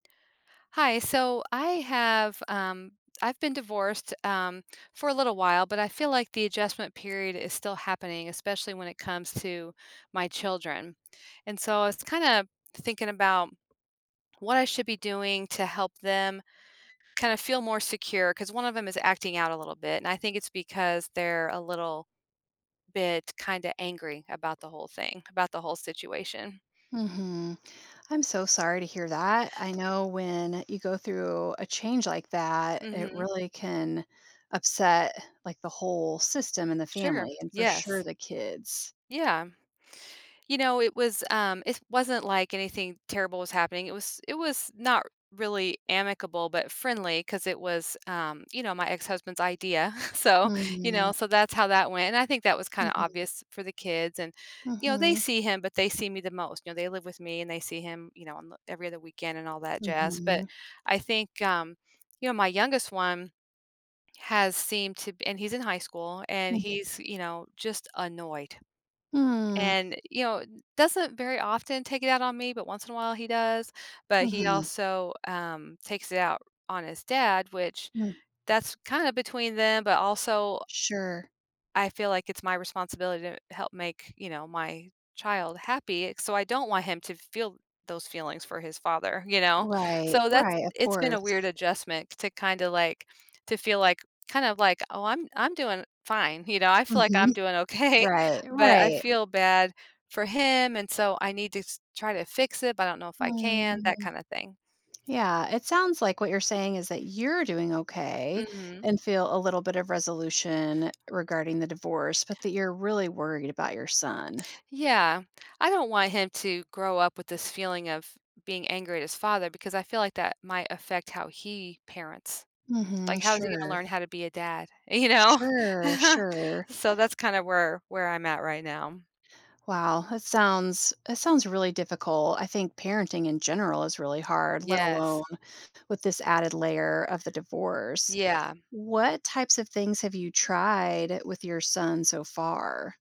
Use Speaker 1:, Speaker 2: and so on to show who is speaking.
Speaker 1: Hi. So I have, um I've been divorced, um, for a little while, but I feel like the adjustment period is still happening, especially when it comes to my children. And so I was kinda thinking about what I should be doing to help them kinda feel more secure, 'cause one of 'em is acting out a little bit, and I think it's because they're a little bit kinda angry about the whole thing, about the whole situation.
Speaker 2: Mhm. I'm so sorry to hear that. I know when you go through a change like that, it
Speaker 1: Mhm.
Speaker 2: really can upset, like, the whole system and the
Speaker 1: Sure.
Speaker 2: family, and for sure
Speaker 1: Yes.
Speaker 2: the kids.
Speaker 1: Yeah. You know, it was, um it wasn't like anything terrible was happening. It was it was not really amicable, but friendly, 'cause it was, um, you know, my ex-husband's idea. So, you know,
Speaker 2: Mhm.
Speaker 1: so that's how that went. And I think that was kinda
Speaker 2: Mhm.
Speaker 1: obvious for the kids, and, you know, they
Speaker 2: Mhm.
Speaker 1: see him, but they see me the most. You know, they live with me, and they see him, you know, on the every other weekend and all that jazz. But
Speaker 2: Mhm.
Speaker 1: I think, um, you know, my youngest one has seemed to and he's in high school, and
Speaker 2: Mhm.
Speaker 1: he's, you know, just annoyed.
Speaker 2: Mm.
Speaker 1: And, you know, doesn't very often take it out on me, but once in a while, he does. But he
Speaker 2: Mhm.
Speaker 1: also, um, takes it out on his dad, which
Speaker 2: Mm.
Speaker 1: that's kinda between them, but, also
Speaker 2: Sure.
Speaker 1: I feel like it's my responsibility to help make, you know, my child happy. So, I don't want him to feel those feelings for his father. You know?
Speaker 2: Right.
Speaker 1: So that's
Speaker 2: Right. Of
Speaker 1: It's been a weird
Speaker 2: course.
Speaker 1: adjustment to kinda, like, to feel like, kind of like, "Oh, I'm I'm doing fine." You know? I feel like I'm
Speaker 2: Mhm.
Speaker 1: doing okay,
Speaker 2: Right.
Speaker 1: but I
Speaker 2: Right.
Speaker 1: feel bad for him, and so I need to s try to fix it, but I don't know if I can, that
Speaker 2: Mm.
Speaker 1: kinda thing.
Speaker 2: Yeah. It sounds like what you're saying is that you're doing okay,
Speaker 1: Mhm.
Speaker 2: and feel a little bit of resolution regarding the divorce, but that you're really worried about your son.
Speaker 1: Yeah. I don't want him to grow up with this feeling of being angry at his father because I feel like that might affect how he parents.
Speaker 2: Mhm.
Speaker 1: Like, how is he gonna
Speaker 2: Sure.
Speaker 1: learn how to be a dad? You know?
Speaker 2: Sure. Sure.
Speaker 1: So, that's kinda where where I'm at right now.
Speaker 2: Wow. That sounds that sounds really difficult. I think parenting in general is really hard, let alone
Speaker 1: Yes.
Speaker 2: with this added layer of the divorce.
Speaker 1: Yeah.
Speaker 2: What types of things have you tried with your son so far?